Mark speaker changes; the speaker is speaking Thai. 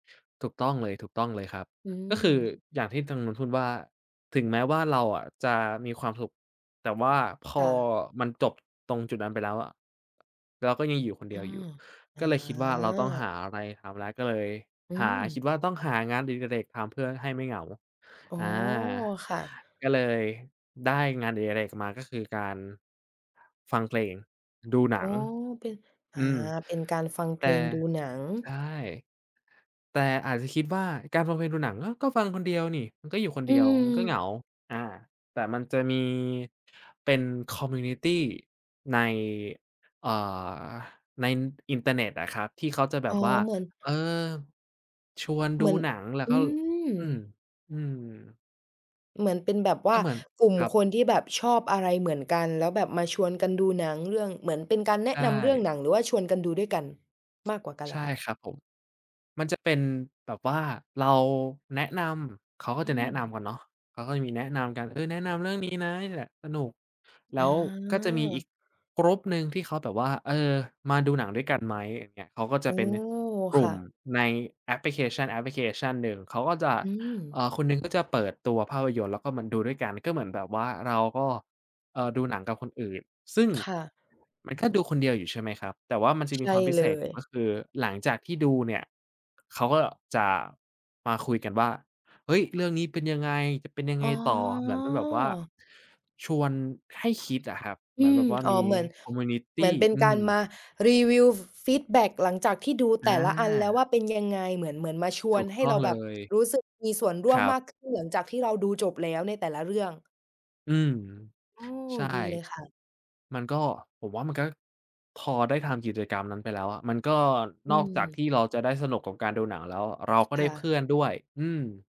Speaker 1: ถูกต้องเลย ถูกต้องเลยครับ
Speaker 2: อื
Speaker 1: ก็คื
Speaker 2: ม
Speaker 1: ออย่างที่ทางนู้นพูดว่า "ถึงแม้ว่าเราอะจะมีความสุข แต่ว่าพ
Speaker 2: ค
Speaker 1: อ
Speaker 2: ่ะ
Speaker 1: มันจบ ตรงจุดนั้นไปแล้วอะ เราก็ยังอยู่คนเ
Speaker 2: อ
Speaker 1: ด
Speaker 2: ื
Speaker 1: ียวอยู
Speaker 2: ม
Speaker 1: ่"
Speaker 2: อา
Speaker 1: ก็เลยคิดว่าเราต้องหาอะไรทำแล้ว ก็เลย
Speaker 2: อื
Speaker 1: หา คิด
Speaker 2: ม
Speaker 1: ว่าต้องหางานอดิเรกทำเพื่อให้ไม่เหงา
Speaker 2: อ๋อ
Speaker 1: อา
Speaker 2: ค่ะ
Speaker 1: ก็เลยได้งานอดิเรกมา ก็คือการ ฟังเพลง ดูหน
Speaker 2: อ๋
Speaker 1: ั
Speaker 2: อ
Speaker 1: ง
Speaker 2: เป็น อ
Speaker 1: อ
Speaker 2: า
Speaker 1: ืม
Speaker 2: เป็นการฟังเ
Speaker 1: แ
Speaker 2: พ
Speaker 1: ต
Speaker 2: ล
Speaker 1: ่
Speaker 2: ง ดูหนัง
Speaker 1: ใช่ แต่อาจจะคิดว่าการฟังเพลง ดูหนัง อ้าว! ก็ฟังคนเดียวนี่ มันก็อยู่คน
Speaker 2: อ
Speaker 1: เ
Speaker 2: ื
Speaker 1: ดียว มันก็เหงา
Speaker 2: ม
Speaker 1: อา แต่มันจะมี เป็น คอมมิวนิตี ใน อา ในอินเทอร์เน็ตอะครับ ที่เขาจะแบ
Speaker 2: อ๋อ
Speaker 1: บว่า
Speaker 2: เหมือน
Speaker 1: เออ ชวน
Speaker 2: เ
Speaker 1: ด
Speaker 2: หม
Speaker 1: ู
Speaker 2: ือน
Speaker 1: หนัง แล้ว
Speaker 2: อื
Speaker 1: ก็ อืม
Speaker 2: ม
Speaker 1: อืม
Speaker 2: เหมือนเป็นแบบว
Speaker 1: ก
Speaker 2: ่
Speaker 1: ็
Speaker 2: า
Speaker 1: เหมือน
Speaker 2: กลุ่ม
Speaker 1: ครับ
Speaker 2: คนที่แบบชอบอะไรเหมือนกัน แล้วแบบมาชวนกันดูหนังเรื่อง เหมือนเป็นการแน
Speaker 1: ใช
Speaker 2: ะนำเรื่อง
Speaker 1: ่
Speaker 2: หนัง หรือว่าชวนกันดูด้วยกันมากกว่ากันเ
Speaker 1: ใช
Speaker 2: หรอ
Speaker 1: ่
Speaker 2: คะ?
Speaker 1: ครับผม มันจะเป็นแบบว่าเราแนะนำ เขาก็
Speaker 2: อื
Speaker 1: จะแนะน
Speaker 2: ม
Speaker 1: ำกันเนาะ เขาก็จะมีแนะนำกัน เออ แนะนำเรื่องนี้นะนี้แหละสนุก แล
Speaker 2: อ
Speaker 1: ้
Speaker 2: า
Speaker 1: วก็จะมีอีก group หนึ่งที่เขาแบบว่า "เออ มาดูหนังด้วยกันไหม?" อย่างเงี้ย เขาก็จ
Speaker 2: อ๋
Speaker 1: ะ
Speaker 2: อ
Speaker 1: เป็นกล
Speaker 2: ค
Speaker 1: ุ่
Speaker 2: ่
Speaker 1: ม
Speaker 2: ะ
Speaker 1: ในแอปพลิเคชัน แอปพลิเคชันหนึ่ง เขาก็จะ
Speaker 2: อื
Speaker 1: เ
Speaker 2: ม
Speaker 1: อ่อ คนหนึ่งก็จะเปิดตัวภาพยนตร์ แล้วก็มาดูด้วยกัน ก็เหมือนแบบว่าเราก็ เอ่อ ดูหนังกับคนอื่น ซึ่ง
Speaker 2: ค่ะ
Speaker 1: มันก็ดูคนเดียวอยู่ใช่ไหมครับ แต่ว่ามันจะ
Speaker 2: ใช
Speaker 1: มี
Speaker 2: ่
Speaker 1: ความพิ
Speaker 2: เล
Speaker 1: เศษอยู่
Speaker 2: ย
Speaker 1: ก็คือหลังจากที่ดูเนี่ย เขาก็จะมาคุยกันว่า "เฮ้ย! เรื่องนี้เป็นยังไง? จะเป็นยัง
Speaker 2: อ
Speaker 1: ไ
Speaker 2: ๋
Speaker 1: ง
Speaker 2: อ
Speaker 1: ต่อ?" เหมือนเป็นแบบว่า ชวนให้คิดอะครับ เ
Speaker 2: อ
Speaker 1: ห
Speaker 2: ื
Speaker 1: มือนแ
Speaker 2: ม
Speaker 1: บบว่า
Speaker 2: อ๋อ
Speaker 1: มี
Speaker 2: เหมือน
Speaker 1: คอมมิวนิต
Speaker 2: เหมื
Speaker 1: ี
Speaker 2: อนเป็น
Speaker 1: อ
Speaker 2: ก
Speaker 1: ื
Speaker 2: ารม
Speaker 1: ม
Speaker 2: ารีวิว ฟ ฟีดแบ็กหลังจากที่ดู
Speaker 1: อ
Speaker 2: แต่ละอันแล้วว
Speaker 1: า
Speaker 2: ่า เป็นยังไง เหมือน เหมือนมาชว
Speaker 1: ถู
Speaker 2: น
Speaker 1: ก
Speaker 2: ให
Speaker 1: ต
Speaker 2: ้
Speaker 1: ้
Speaker 2: เ
Speaker 1: อ
Speaker 2: ร
Speaker 1: ง
Speaker 2: า
Speaker 1: เ
Speaker 2: แ
Speaker 1: ล
Speaker 2: บบ
Speaker 1: ย
Speaker 2: รู้สึกมีส่วนร่
Speaker 1: ค
Speaker 2: ว
Speaker 1: ร
Speaker 2: ม
Speaker 1: ั
Speaker 2: ม
Speaker 1: บ
Speaker 2: ากขึ้น หลังจากที่เราดูจบแล้วในแต่ละเรื่อง
Speaker 1: อืม
Speaker 2: โอ้
Speaker 1: ใช่
Speaker 2: ดีเลยค่ะ
Speaker 1: มันก็ ผมว่ามันก็ พอได้ทำกิจกรรมนั้นไปแล้วอะ มันก็
Speaker 2: อื
Speaker 1: นอกจากท
Speaker 2: ม
Speaker 1: ี่เราจะได้สนุกกับการดูหนังแล้ว เราก็
Speaker 2: ค
Speaker 1: ได้
Speaker 2: ่
Speaker 1: เพ
Speaker 2: ะ
Speaker 1: ื่อนด้วย อืม